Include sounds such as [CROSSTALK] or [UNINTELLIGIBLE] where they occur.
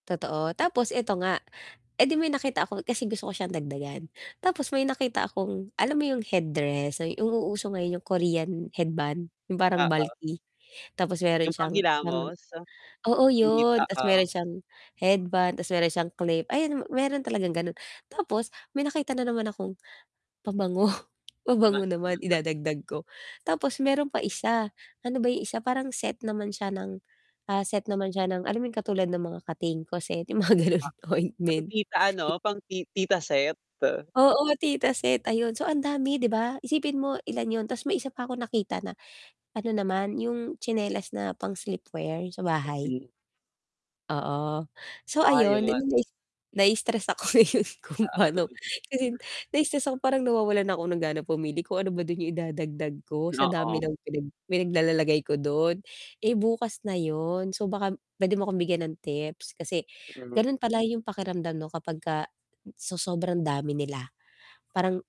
Totoo, tapos eto nga, edi may nakita ako kasi gusto ko siyang dagdagan, tapos may nakita akong alam mo 'yong headdress yung nauuso ngayon 'yong Korean headband, 'yong parang Oo. bulky, tapos meron Yung siyang, [UNINTELLIGIBLE] panghilamos? oo Hindi 'yon, pa tapos oh. meron siyang headband, tapos meron siyang clip, ayan meron talagang gano'n. Tapos may nakita na naman akong, pabango, pabango naman [UNINTELLIGIBLE] idadagdag ko. Tapos meron pa isa, ano ba 'yong isa parang set naman siya ng, ah, set naman siya ng alam yung katulad ng mga Katingko set yung mga ganon, Ah, pang ointment. tita ano, pang ti tita set. Oo, tita set. Ayun, so ang dami 'di ba? Isipin mo ilan yun, tapos may isa pa ako nakita na, ano naman yung tsinelas na pang sleep wear, yung sa bahay. Mhm. Oo. So Ah, ayun eh yun. 'di nais naistress ako ngayon kung pano, kasi [UNINTELLIGIBLE] na-istress ako parang nawawalan na ako ng gana pumili kung ano ba dun yung idadagdag ko, sa dami Oo. ng pinag pinaglalalagay ko dun. Eh bukas na yun, so baka pwede mo akong bigyan ng tips kasi, Mm. gano'n pala yung pakiramdam 'no kapagka sa sobrang dami nila, parang